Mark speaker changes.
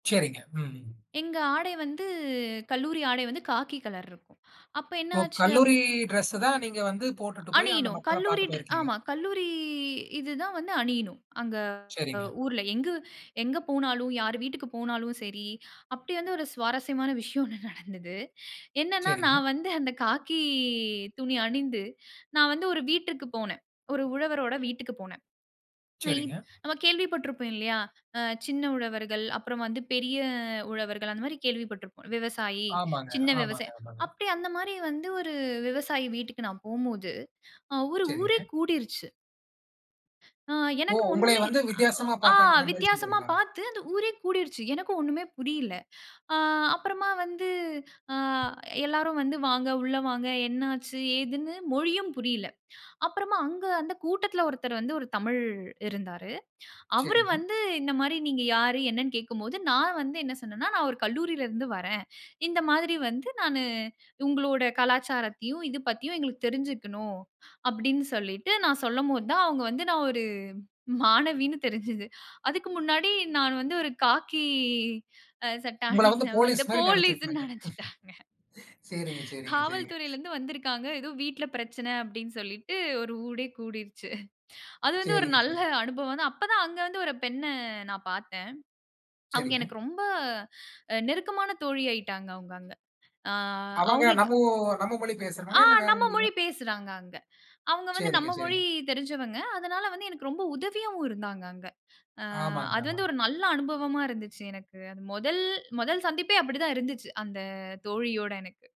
Speaker 1: சரிங்க, ம்.
Speaker 2: எங்க ஆடை வந்து, கல்லூரி ஆடை வந்து காக்கி கலர் இருக்கும். அப்போ என்ன
Speaker 1: ஓ!
Speaker 2: ஆச்சு? அப்
Speaker 1: கல்லூரி
Speaker 2: [unintelligible]
Speaker 1: டிரெஸ தான் நீங்க வந்து போட்டுட்டு போய் அந்த
Speaker 2: அணியனும்.
Speaker 1: மக்கள
Speaker 2: கல்லூரி
Speaker 1: பார்க்க
Speaker 2: ட்ரெ
Speaker 1: போயிருக்கீங்க.
Speaker 2: ஆமா. கல்லூரி இது தான் வந்து அணியணும். அங்க அ
Speaker 1: சரிங்க.
Speaker 2: ஊர்ல. எங்க, எங்க போனாலும் யார் வீட்டுக்கு போனாலும் சரி, அப்பிடி வந்து ஒரு சுவாரஸ்யமான விஷயம் ஒண்ணு நடந்தது. என்னன்னா
Speaker 1: சரிங்க.
Speaker 2: நான் வந்து அந்த காக்கி துணி அணிந்து, நான் வந்து ஒரு வீட்டிற்கு போனேன். ஒரு உழவரோட வீட்டுக்கு போனேன். [unintelligible]
Speaker 1: சரிங்க.
Speaker 2: நம்ம கேள்வி பட்ருப்போம் இல்லயா! அ சின்ன உழவர்கள், அப்புறம் வந்து பெரிய உழவர்கள், அந்தமாரி கேள்வி பட்ருப்போம். விவசாயி,
Speaker 1: ஆமாங்க,
Speaker 2: சின்ன
Speaker 1: ஆமாங்க,
Speaker 2: விவசாய
Speaker 1: ஆமாங்க.
Speaker 2: அப்பிடியே அந்தமாரி வந்து, ஒரு விவசாயி வீட்டுக்கு நான் போம்போது, அ ஒரு ஊரே
Speaker 1: சரிங்க.
Speaker 2: கூடிருச்சு. ஆ,
Speaker 1: ஓ!
Speaker 2: எனக்கு
Speaker 1: உங்களைய
Speaker 2: ஒண்ணுமே
Speaker 1: வந்து வித்தியாசமா
Speaker 2: அ ஓ ஆ
Speaker 1: பார்த்தாங்கங்கிறமாரி
Speaker 2: வித்தியாசமா
Speaker 1: சொல்றீங்களா?
Speaker 2: பார்த்து அந்த ஊரே கூடிருச்சு. எனக்கு ஒண்ணுமே புரியல. ஆ அப்புறமா வந்து ஆ எல்லாரும் வந்து, வாங்க உள்ள வாங்க என்ன ஆச்சு? ஏதுன்னு, மொழியும் புரியல. அப்புறமா அங்க அந்த கூட்டத்துல ஒருத்தர் வந்து ஒரு தமிழ் இருந்தாரு. அவரு
Speaker 1: சரிங்க.
Speaker 2: வந்து இந்தமாரி நீங்க யாரு? என்னன்னு கேட்கும் போது, நான் வந்து என்ன சொன்னேன்னா, நான் ஒரு கல்லூரியிலருந்து வர்றேன். இந்த மாதிரி வந்து நானு, உங்களோட கலாச்சாரத்தையும், இது பத்தியும் எங்களுக்கு தெரிஞ்சுக்கணும், அப்பிடின்னு சொல்லிட்டு, நான் சொல்லும்போது தான், அவுங்க வந்து நான் ஒரு மாணவின்னு தெரிஞ்சது அதுக்கு முன்னாடி நான் வந்து ஒரு காக்கி, அ சட்ட
Speaker 1: உங்கள வந்து
Speaker 2: அணிந்தவ, இந்த
Speaker 1: போலீஸ்மாரி
Speaker 2: போலீஸ்ன்னு
Speaker 1: நெனச்சிருப்பாங்க.
Speaker 2: நெனச்சுட்டாங்க.
Speaker 1: சேரிங்க, சேரிங்க, சேரிங்க.
Speaker 2: காவல்துறைலருந்து வந்திருக்காங்க. ஏதோ வீட்ல பிரச்சன அப்பிடின்னு சொல்லிட்டு, ஒரு ஊரே கூடிருச்சு. அது வந்து ஒரு
Speaker 1: சேரிங்க,
Speaker 2: நல்ல
Speaker 1: சரிங்க.
Speaker 2: அனுபவம் தான் அப்ப தான் அங்க வந்து ஒரு பெண்ண நான் பார்த்தேன். அவுங்க
Speaker 1: சரிங்க.
Speaker 2: எனக்கு ரொம்ப அ நெருக்கமான தோழி ஆயிட்டாங்க அவுங்க அங்க. ஆ
Speaker 1: அவங்க
Speaker 2: அவுங்களுக்கு
Speaker 1: நம்மோ நம்ம மொழி
Speaker 2: ஆ,
Speaker 1: பேசுறனால, இல்ல வேற
Speaker 2: நம்ம மொழி
Speaker 1: மொழியா?
Speaker 2: பேசுறாங்க அங்க. அவுங்க வந்து
Speaker 1: சேரிங்க,
Speaker 2: நம்ம மொழி
Speaker 1: சேரிங்க.
Speaker 2: தெரிஞ்சவங்க. அதனால வந்து எனக்கு ரொம்ப உதவியாவும் இருந்தாங்க அங்க. ஆ
Speaker 1: ஆமாங்க,
Speaker 2: அது வந்து
Speaker 1: ஆமாங்க.
Speaker 2: ஒரு நல்ல அனுபவமா இருந்துச்சு எனக்கு. அது மொதல் மொதல் சந்திப்பே அப்பிடித்தான் இருந்துச்சு, அந்த தோழியோட எனக்கு.